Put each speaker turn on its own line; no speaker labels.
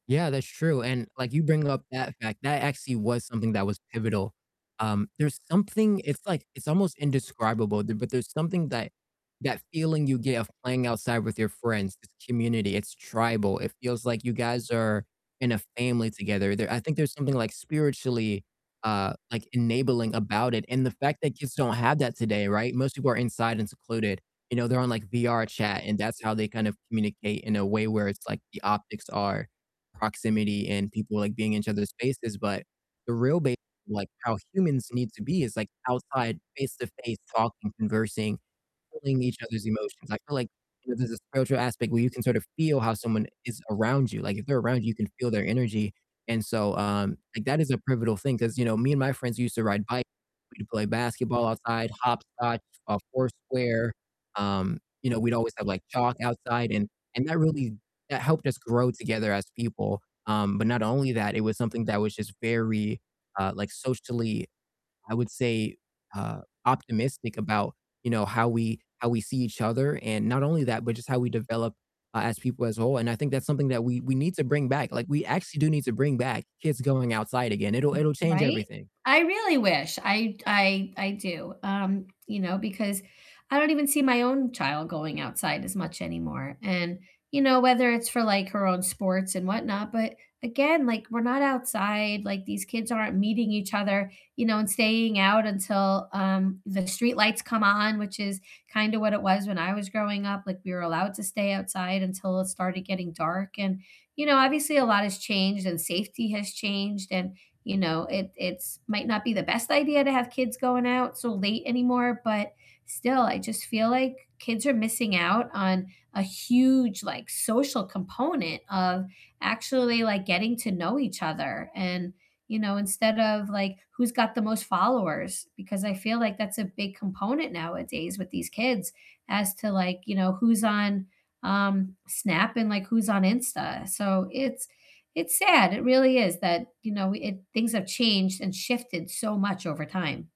Yeah, that's true. And like you bring up that fact, that actually was something that was pivotal. Um, there's something it's, like it's almost indescribable, b but there's something that that feeling you get of playing outside with your friends, it's community, it's tribal, it feels like you guys are in a family together. There I think there's something like spiritually, uh, like, enabling about it, and the fact that kids don't have that today, right? Most people are inside and secluded. You know, they're on like VRChat, and that's how they kind of communicate in a way where it's like the optics are proximity and people, like, being in each other's spaces, but the real ba like how humans need to be is like outside face-to-face talking, conversing, feeling each other's emotions. I feel like, you know, there's a spiritual aspect where you can sort of feel how someone is around you. Like if they're around you, you can feel their energy, and so, um, like that is a pivotal thing 'cause you know, me and my friends used to ride bi We'd play basketball outside, hopscotch, uh, foursquare. Um, you know, we'd always have like chalk outside and and that really, that helped us grow together as people. Um, but not only that, it was something that was just very, uh, like socially, I would say, uh, optimistic about, you know, how we how we see each other, and not only that, but just how we develop, uh, as people as a whole, and I think that's something that we we need to bring back, like we actually do need to bring back kids going outside again. It'll it'll change
Right?
everything.
I really wish. I d I I do. Um, you know, because I don't even see my own child going outside as much anymore. And, you know, whether it's for, like, her own sports and whatnot, but again, like, we're not outside, like, these kids aren't meeting each other, you know, and staying out until, um, the streetlights come on, which is kinda what it was when I was growing up, like, we were allowed to stay outside until it started getting dark, and, you know, obviously a lot has changed and safety has changed and, you know, it it's might not be the best idea to have kids going out so late anymore, but still, I just feel like kids are missing out on a huge, like, social component of actually like getting to know each other and, you know, instead of like who's got the most followers because I feel like that's a big component nowadays with these kids as to, like, you know, who's on, um, Snap and, like, who's on Insta. So it's it's sad, it really is that, you know, it things have changed and shifted so much over time.